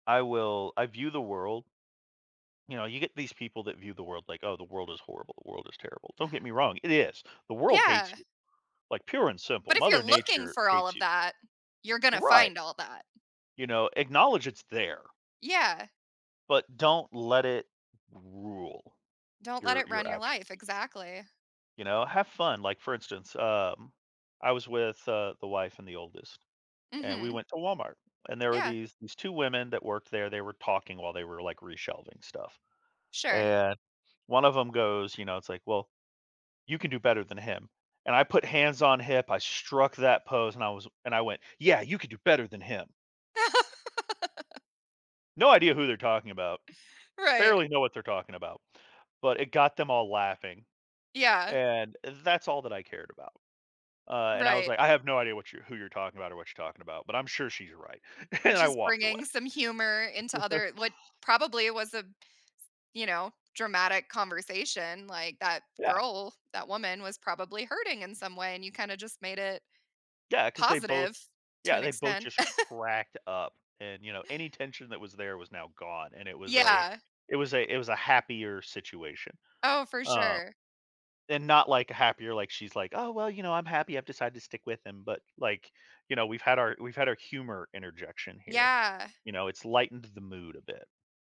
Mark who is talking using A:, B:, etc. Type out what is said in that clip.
A: I will, I view the world you know, you get these people that view the world like, "Oh, the world is horrible, the world is terrible." Don't get me wrong, it is. The world hates
B: Yeah.
A: you, like pure and simple.
B: But if you're
A: Mother
B: looking
A: Nature
B: for all
A: hates
B: of
A: you.
B: that, you're gonna
A: Right.
B: find all that.
A: You know, acknowledge it's there.
B: Yeah.
A: But don't let it rule
B: Don't let
A: your,
B: it
A: your
B: run your
A: actions.
B: life exactly.
A: You know, have fun. Like, for instance, um, I was with, uh, the wife and the oldest, and we
B: Mhm.
A: went to Walmart, and there were
B: Yeah.
A: these these 2 women that worked there. They were talking while they were like re-shelving stuff
B: Sure.
A: and one of them goes, you know, it's like, "Well, you can do better than him." And I put hands on hip. I struck that pose and I was and I went, "Yeah, you could do better than him." No idea who they're talking about.
B: Right.
A: Barely know what they're talking about, but it got them all laughing.
B: Yeah.
A: And that's all that I cared about. Uh, and I was
B: Right.
A: like, "I have no idea what you're who you're talking about or what you're talking about, but I'm sure she's right." And I
B: Just
A: walked
B: bringing some humor into
A: away.
B: other what probably was a s you know, dramatic conversation like that
A: Yeah.
B: girl, that woman was probably hurting in some way and you kinda just made it.
A: Yeah, 'cause they both
B: Positive, to
A: yeah,
B: an
A: they both
B: extent.
A: just cracked up and, you know, any tension that was there was now gone and it was a
B: Yeah.
A: it was a it was a happier situation.
B: Oh, for
A: Uh,
B: sure.
A: and not like a happier like she's like, "Oh well, you know, I'm happy I've decided to stick with him." But like, you know, we've had our we've had our humor interjection here,
B: Yeah.
A: you know, it's lightened the mood a bit.